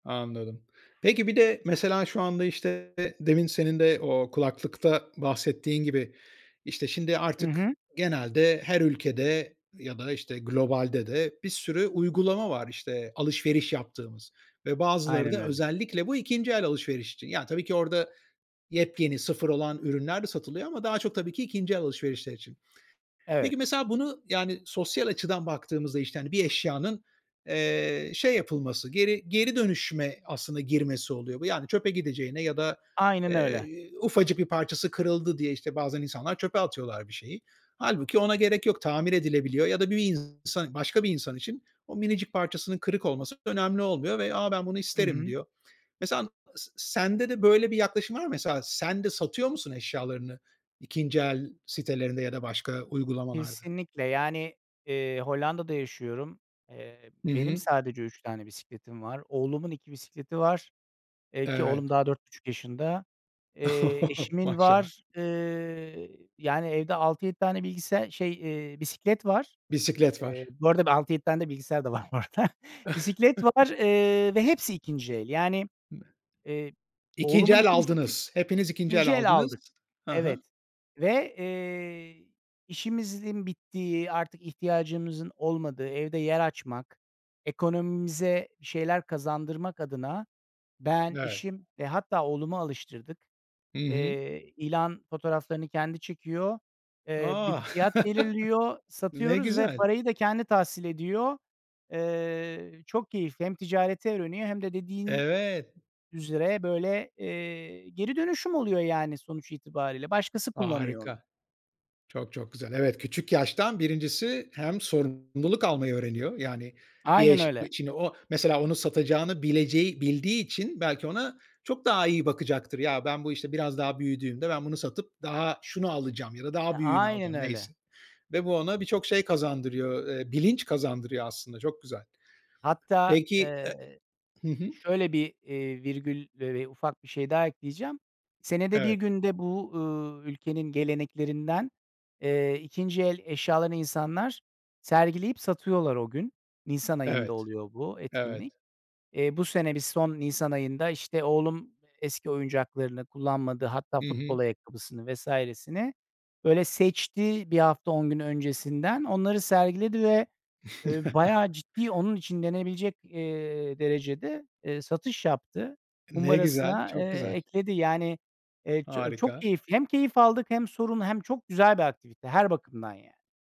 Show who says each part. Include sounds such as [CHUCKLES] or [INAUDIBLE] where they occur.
Speaker 1: Anladım. Peki bir de mesela şu anda, işte, demin senin de o kulaklıkta bahsettiğin gibi, işte, şimdi
Speaker 2: Hı
Speaker 1: artık
Speaker 2: hı.
Speaker 1: genelde her ülkede ya da, işte, globalde de bir sürü uygulama var, işte, alışveriş yaptığımız ve bazıları
Speaker 2: Aynen
Speaker 1: da
Speaker 2: öyle.
Speaker 1: özellikle bu ikinci el alışveriş için. Yani tabii ki orada yepyeni sıfır olan ürünler de satılıyor ama daha çok tabii ki ikinci el alışverişler için.
Speaker 2: Evet.
Speaker 1: Peki mesela bunu, yani sosyal açıdan baktığımızda, işte, hani, bir eşyanın, eee, şey yapılması, geri, geri, dönüşme aslında girmesi oluyor bu. Yani çöpe gideceğine ya da,
Speaker 2: Aynen öyle.
Speaker 1: eee, ufacık bir parçası kırıldı diye işte bazen insanlar çöpe atıyorlar bir şeyi. Hâlbuki ona gerek yok, tamir edilebiliyor ya da bir insan başka bir insan için o minicik parçasının kırık olması önemli olmuyor ve a ben bunu
Speaker 2: Hı
Speaker 1: isterim
Speaker 2: hı.
Speaker 1: diyor. Mesela s sende de böyle bir yaklaşım var mı? Mesela sen de satıyor musun eşyalarını ikinci el sitelerinde ya da başka uygulamalarda?
Speaker 2: Kesinlikle, yani, eee, Hollanda'da yaşıyorum. Eee,
Speaker 1: Hı
Speaker 2: benim
Speaker 1: hı.
Speaker 2: sadece 3 tane bisikletim var. Oğlumun 2 bisikleti var, eee, ki oğlum
Speaker 1: Evet.
Speaker 2: daha 4,5 yaşında. Eee,
Speaker 1: [CHUCKLES]
Speaker 2: eşimin
Speaker 1: Maşallah.
Speaker 2: var. Iıı, yani, evde 6-7 tane bilgisayar şey, ııı, bisiklet var.
Speaker 1: Bisiklet
Speaker 2: Eee,
Speaker 1: var.
Speaker 2: bu arada da 6-7 tane de bilgisayar da var. Bisiklet var,
Speaker 1: [CHUCKLES]
Speaker 2: ııı, ve hepsi ikinci el. Yani,
Speaker 1: Ne
Speaker 2: eee,
Speaker 1: İkinci
Speaker 2: oğlumun
Speaker 1: el
Speaker 2: 2 bisiklet
Speaker 1: aldınız. Hepiniz ikinci
Speaker 2: ikinci
Speaker 1: el
Speaker 2: el
Speaker 1: aldınız.
Speaker 2: aldık.
Speaker 1: Hı hı.
Speaker 2: Evet. Ve, eee, işimizin bittiği, artık ihtiyacımızın olmadığı, evde yer açmak, ekonomimize bir şeyler kazandırmak adına ben,
Speaker 1: Evet.
Speaker 2: eşim ve hatta oğlumu alıştırdık.
Speaker 1: Hı hı.
Speaker 2: Eee, ilan fotoğraflarını kendi çekiyor. Eee,
Speaker 1: A,
Speaker 2: bir fiyat
Speaker 1: [LAUGHS]
Speaker 2: belirliyor,
Speaker 1: ne
Speaker 2: satıyoruz ve
Speaker 1: güzel.
Speaker 2: parayı da kendi tahsil ediyor. Iıı, çok keyifli, hem ticareti öğreniyor hem de dediğin
Speaker 1: Evet.
Speaker 2: üzere böyle, eee, geri dönüşüm oluyor yani sonuç itibariyle. Başkası kullanıyor onu.
Speaker 1: Harika. Çok, çok, güzel. Evet, küçük yaştan 1'incisi hem sorumluluk almayı öğreniyor. Yani bir
Speaker 2: Aynen
Speaker 1: eş
Speaker 2: öyle.
Speaker 1: şimdi o mesela onu satacağını bileceği bildiği için belki ona çok daha iyi bakacaktır. Ya ben bu işte biraz daha büyüdüğümde ben bunu satıp daha şunu alacağım ya da
Speaker 2: E,
Speaker 1: daha büyüğünü
Speaker 2: aynen
Speaker 1: alacağım
Speaker 2: öyle.
Speaker 1: neyse. Ve bu ona birçok şey kazandırıyor, ııı, bilinç kazandırıyor aslında çok güzel.
Speaker 2: Hatta,
Speaker 1: Peki,
Speaker 2: ııı,
Speaker 1: ııı hı hı.
Speaker 2: şöyle bir, iii, virgül ve ufak bir şey daha ekleyeceğim. Senede 1
Speaker 1: Evet.
Speaker 2: günde bu, ııı, ülkenin geleneklerinden, eee, ikinci el eşyalarını insanlar sergileyip satıyorlar o gün. Nisan ayında
Speaker 1: Evet.
Speaker 2: oluyor bu etkinlik.
Speaker 1: Evet.
Speaker 2: Eee, bu sene bir son nisan ayında işte oğlum eski oyuncaklarını kullanmadı, hatta
Speaker 1: Hı hı.
Speaker 2: futbol ayakkabısını vs.sini böyle seçti bir hafta on gün öncesinden. Onları sergiledi ve, ııı, bayağı
Speaker 1: [CHUCKLES]
Speaker 2: ciddi onun için denebilecek, eee, derecede, eee, satış yaptı.
Speaker 1: Ne güzel,
Speaker 2: Kumbarasına,
Speaker 1: çok
Speaker 2: eee,
Speaker 1: güzel.
Speaker 2: ekledi. Yani, eee, ço çok
Speaker 1: Harika.
Speaker 2: keyifli. Hem keyif aldık hem sorum hem çok güzel bir aktivite her bakımdan yani.